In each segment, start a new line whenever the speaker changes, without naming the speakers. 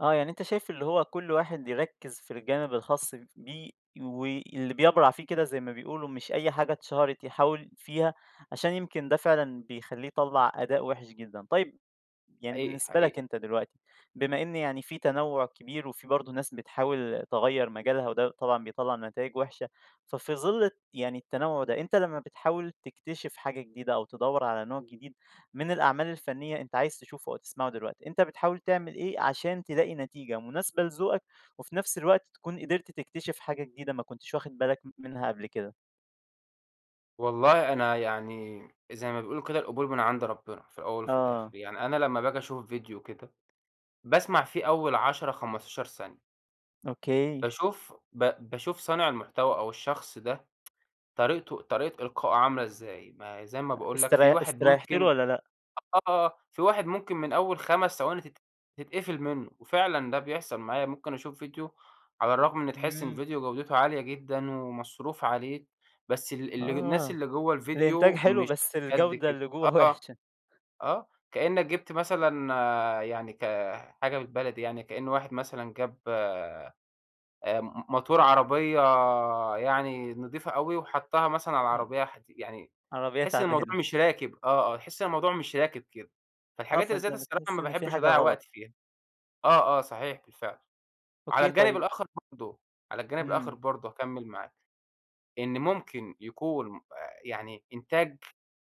آه يعني أنت شايف اللي هو كل واحد يركّز في الجانب الخاص ف بيه وي اللي بيّبرع فيه كده زي ما بيقولوا، مش أي حاجة اتشهرت يحاول فيها، عشان يمكن ده فعلًا بيخلّيه يطلّع أداء وحش جدًا. طيب، يعني
حقيقي،
بالنسبة لك
حقيقي.
أنت دلوقتي، بما إن يعني في تنوّع كبير وفي برضه ناس بتحاول تغيّر مجالها، وده طبعًا بيطلّع نتايج وحشة ففي ظِل الت يعني التنوّع ده، أنت لمّا بتحاول تكتشف حاجة جديدة أو تدوّر على نوع جديد من الأعمال الفنية أنت عايز تشوفه أو تسمعه دلوقتي، أنت بتحاول تعمل إيه عشان تلاقي نتيجة مناسبة لذوقك وفي نفس الوقت تكون قدرت تكتشف حاجة جديدة ما كنتش واخد بالك م منها قبل كده؟
والله أنا يعني زي ما بيقولوا كده القبول من عند ربنا، في الأول وفي
آه.
الآخر. يعني أنا لمّا باجي أشوف فيديو كده، باسمع فيه أول 10، 15 ثانية.
أوكي.
باشوف ب باشوف صانع المحتوى أو الشخص ده طريقته طريقة إلقائُه عاملة إزاي. ما زي ما
أ
باقول لك، في
استري
واحد
استريحت له
ممكن
والّا لأ؟
آه، في واحد ممكن من أول 5 ثواني تت تتقفل منُّه، وفعلًا ده بيحصل معايا. ممكن اشوف فيديو على الرغم إن تحس
إمم.
الفيديو جودته عالية جدًا، ومصروف عليه، بس ال اله الناس
آه،
اللي جوّا
الإنتاج
الفيديو
حلو
مش
بس
قد
الجودة
كده.
اللي جوّا
آه،
وحشة.
آه. كإنّك جبت مثلًا يعني كحاجة بالبلدي يعني، كإن واحد مثلًا جاب أمم، ماتور عربية يعني نضيفة أوي وحطّها مثلًا على
إمم.
العربية حدي يعني
عربية
تحس إن الموضوع
تعبانة.
مش راكب آه، آه، تحس إن الموضوع مش راكب كده.
آه،
فالحاجات اللي زي
فأنت
دي الصراحة
بتحس
ما
إن في
باحبش
حاجة
اضيّع
غلط.
وقتي فيها. آه، آه صحيح، بالفعل. على
أوكي،
الجانب
طيب
الآخر برضه، على الجانب الآخر
إمم.
برضه هاكمّل معاك، إن ممكن يكون م أ يعني إنتاج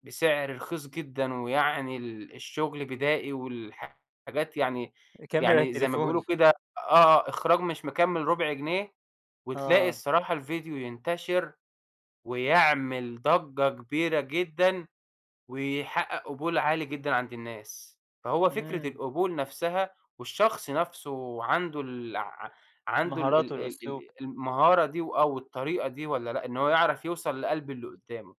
بسعر رخيص جدًا ويعني ال الشغل بدائي والحاجات يعني
كاميرا،
يعني زي ما بيقولوا
تليفون.
كده آه آه إخراج مش مكمّل ربع جنيه، وتلاقي
آه.
الصراحة الفيديو ينتشر ويعمل ضجّة كبيرة جدًا، ويحقق قبول عالي جدًا عند الناس. فهو فكرة
إمم.
القبول نفسها والشخص نفسه عنده الع عنده ال
المهارات
ال ال
والأسلوب.
ال المهارة دي وآه، والطريقة دي والّا لأ، إن هو يعرف يوصل لقلب اللي قدّامه.